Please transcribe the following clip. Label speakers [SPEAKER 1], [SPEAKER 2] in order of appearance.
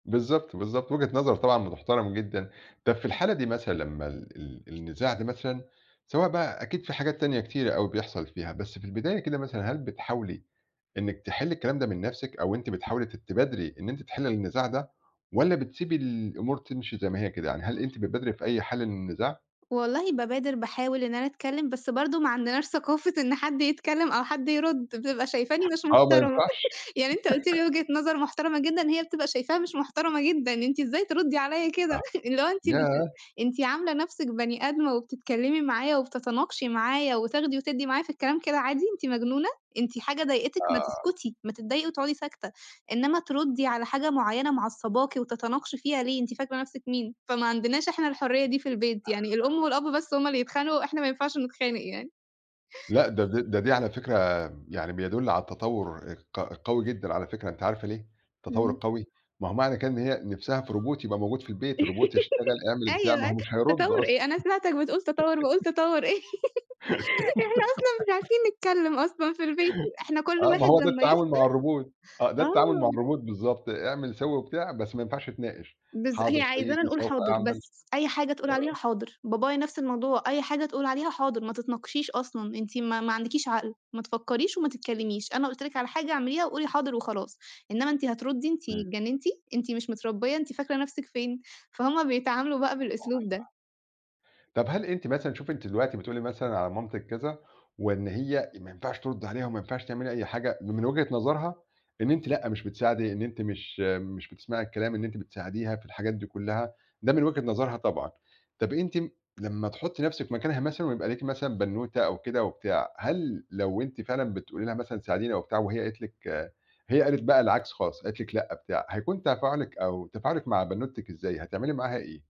[SPEAKER 1] بالضبط، بالضبط، وجهة نظر طبعًا بتحترم جدًا، طب في الحالة دي مثلًا لمّا ال ال النزاع ده مثلًا، سواء بقى أكيد في حاجات تانية كتيرة أوي بيحصل فيها، بس في البداية كده مثلًا، هل بتحاولي إنِّك تحلّي الكلام ده من نفْسِك، أو أنتِ بتحاولي ت تبادري إن أنتِ تحلّي النزاع ده، والّا بتسيبي الأمور تمشي زي ما هي كده، يعني هل أنتِ بتبادري في أي حل من النزاع؟
[SPEAKER 2] والله بابادر باحاول إن أنا اتكلّم، بس برضه ما عندناش ثقافة إن حد يتكلّم أو حد يرد، بتبقى شايفاني مش
[SPEAKER 1] آه ما
[SPEAKER 2] محترمة،
[SPEAKER 1] ينفعش
[SPEAKER 2] يعني أنت قُلت لي وجهة نظر محترمة جدًا، هي بتبقى شايفاها مش محترمة جدًا أنتِ إزاي تردّي عليَّ كده،
[SPEAKER 1] آه.
[SPEAKER 2] اللي هو أنتِ بت
[SPEAKER 1] ياه!
[SPEAKER 2] أنتِ عاملة نفْسِك بَني آدمة وبتتكلّمي معايا، وبتتناقشي معايا وتاخدي وتدّي معايا في الكلام كده عادي، أنتِ مجنونة؟ أنتِ حاجة ضايقتِك؟ ما
[SPEAKER 1] آه.
[SPEAKER 2] تسكتي ما تضايقي وتقعُدي ساكتة، إنّما تردّي على حاجة معيّنة معصّباكِ وتتناقشي فيها ليه، أنتِ فاكرة نفْسِك مين؟ فما عندناش إحنا الحرية دي في البيت، يعني
[SPEAKER 1] [unintelligible]
[SPEAKER 2] الأم والأب بس هُم اللي يتخانقوا، إحنا ما ينفعش نتخانق يعني.
[SPEAKER 1] لأ ده دي ده دي على فكرة م يعني بيدُل على التطوّر الق القوي جدًا على فكرة، أنتِ عارفة ليه؟ التطوّر
[SPEAKER 2] إمم.
[SPEAKER 1] القوي، ما هو معنى كده إن هي نفْسها في Robot يبقى موجود في البيت الRobot يشتغل اعمل البتاع، ما
[SPEAKER 2] أيوه،
[SPEAKER 1] هو مش هيرد
[SPEAKER 2] تطوّر
[SPEAKER 1] أصلًا.
[SPEAKER 2] إيه؟ أنا سمعتك بتقول تطوّر، باقول تطوّر إيه؟ إحنا أصلًا مش عارفين نتكلّم أصلًا في البيت إحنا كلّ
[SPEAKER 1] آه ما
[SPEAKER 2] واحد
[SPEAKER 1] هو ده
[SPEAKER 2] لمّا
[SPEAKER 1] التعامل
[SPEAKER 2] يفصل
[SPEAKER 1] مع الRobot، آه ده التعامل مع
[SPEAKER 2] آه.
[SPEAKER 1] الRobot بالضبط، اعمل سوّي وبتاع بس ما ينفعش تناقش،
[SPEAKER 2] بالض
[SPEAKER 1] حاضر
[SPEAKER 2] هي عايزانا
[SPEAKER 1] سيدي
[SPEAKER 2] نقول
[SPEAKER 1] سوف
[SPEAKER 2] حاضر
[SPEAKER 1] أعمل،
[SPEAKER 2] بس، أي حاجة تقول عليها
[SPEAKER 1] آه.
[SPEAKER 2] حاضر، بابايا نفْس الموضوع، أي حاجة تقول عليها حاضر، ما تتناقشيش أصلًا، أنتِ ما ما عندكيش عقل، ما تفكّريش وما تتكلّميش، أنا قُلت لِك على حاجة اعمليها وقولي حاضر وخلاص، إنّما أنتِ هتردّي أنتِ
[SPEAKER 1] إمم.
[SPEAKER 2] اتجنتِ؟! أنتِ مش متربية، أنتِ فاكرة نفْسِك فين؟ فهُم بيتعاملوا بقى بالأسلوب ده.
[SPEAKER 1] [unintelligible] طب هل أنتِ مثلًا، شوفي أنتِ دلوقتي بتقولي مثلًا على مامتِك كذا، وإن هي ما ينفعش تردّي عليها وما ينفعش تعملي أي حاجة، م من وجهة نظرها، إن أنتِ لأ مش بتساعدي إن أنتِ مش مش بتسمعي الكلام إن أنتِ بتساعديها في الحاجات دي كلّها، ده من وجهة نظرها طبعًا، طب أنتِ م لمّا تحطّي نفْسِك مكانها مثلًا ويبقى ليكِ مثلًا بنوتة أو كده وبتاع، هل لو أنتِ فعلًا بتقولي لها مثلًا ساعديني أو بتاع وهي قالت لِك هي قالت بقى العكس خالص قالت لِك لأ بتاع، هيكون تفاعلِك أو تفاعلِك مع بنوتِك إزاي، هتعملي معاها إيه؟